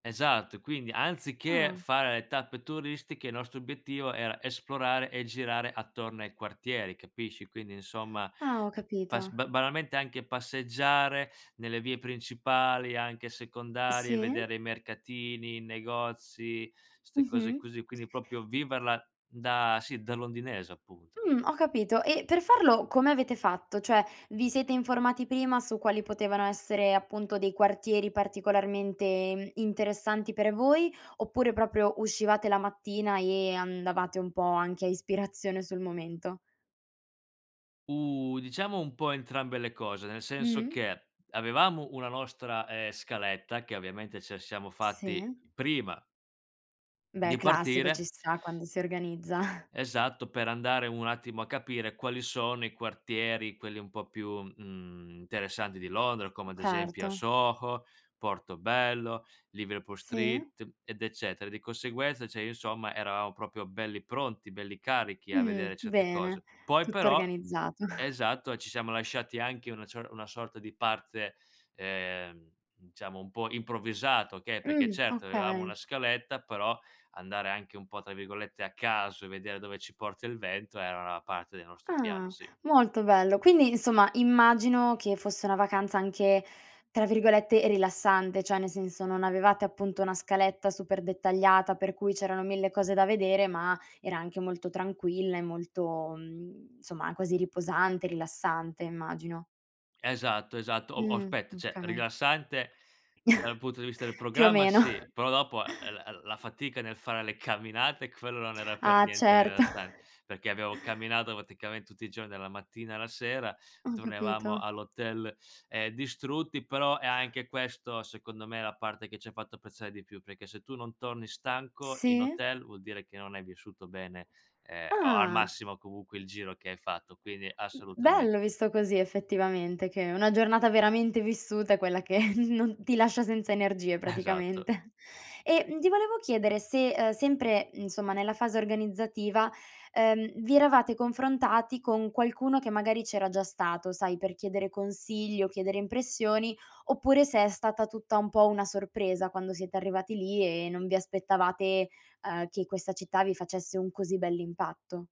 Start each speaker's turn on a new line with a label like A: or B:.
A: Esatto. E quindi, anziché
B: Ah.
A: fare le tappe turistiche, il nostro obiettivo era esplorare e girare attorno ai quartieri, capisci. Quindi insomma
B: Ah, ho
A: pas
B: capito.
A: ba banalmente anche passeggiare nelle vie principali, anche secondarie,
B: Sì.
A: vedere i mercatini, i negozi, ste cose
B: Mh-mh.
A: così, quindi proprio viverla da sì, da londinese appunto.
B: Mh, ho capito. E per farlo come avete fatto? Cioè vi siete informati prima su quali potevano essere appunto dei quartieri particolarmente interessanti per voi, oppure proprio uscivate la mattina e andavate un po' anche a ispirazione sul momento?
A: Uh, diciamo un po' entrambe le cose, nel senso
B: Mh-mh.
A: che avevamo una nostra, ehm, scaletta che ovviamente ce siamo fatti
B: Sì.
A: prima
B: Beh
A: di
B: classico, ci
A: partire
B: sta quando si organizza.
A: esatto, per andare un attimo a capire quali sono i quartieri, quelli un po' più, mhmm, interessanti di Londra, come ad esempio a
B: Certo.
A: Soho, Portobello, Liverpool
B: Sì.
A: street, ed eccetera. Di conseguenza, cioè, insomma, eravamo proprio belli pronti, belli carichi a
B: Mh,
A: vedere certe
B: bene,
A: cose. Poi
B: tutto
A: però,
B: organizzato.
A: esatto, ci siamo lasciati anche una cio una sorta di parte, ehm, diciamo, un po' improvvisato, okay, perché
B: Mh,
A: certo avevamo
B: okay.
A: una scaletta, però andare anche un po' tra virgolette "a caso" e vedere dove ci porta il vento era una parte del nostro piano,
B: Ah,
A: sì.
B: molto bello. Quindi insomma immagino che fosse una vacanza anche tra virgolette "rilassante", cioè nel senso non avevate appunto una scaletta super dettagliata per cui c'erano mille cose da vedere, ma era anche molto tranquilla e molto, mhmm, insomma, quasi riposante, rilassante immagino.
A: Esatto, esatto. O o
B: Mh,
A: aspetta, cioè
B: okay.
A: rilassante dal punto di vista del
B: Più o
A: programma
B: meno.
A: sì, però dopo, ehm, l la fatica nel fare le camminate quello non era per
B: Ah,
A: niente
B: certo.
A: rilassan perché abbiamo camminato praticamente tutti i giorni dalla mattina alla sera,
B: Ho
A: tornavamo
B: capito.
A: all'hotel, ehm, distrutti, però è anche questo secondo me la parte che ce fatto apprezzare di più, perché se tu non torni stanco in
B: Sì.
A: hotel vuol dire che non hai vissuto bene, ehm, o al
B: Ah.
A: massimo comunque il giro che hai fatto. Quindi
B: M
A: assolutamen
B: bello visto così effettivamente, che una giornata veramente vissuta è quella che non ti lascia senza energie
A: Esatto.
B: praticamente. E, mhmm, ti volevo chiedere se, uhm, sempre insomma nella fase organizzativa, ehm, vi eravate confrontati con qualcuno che magari c'era già stato sai, per chiedere consigli o chiedere impressioni, oppure se è stata tutta un po' una sorpresa quando siete arrivati lì e non vi aspettavate, ehm, che questa città vi facesse un così bell'impatto.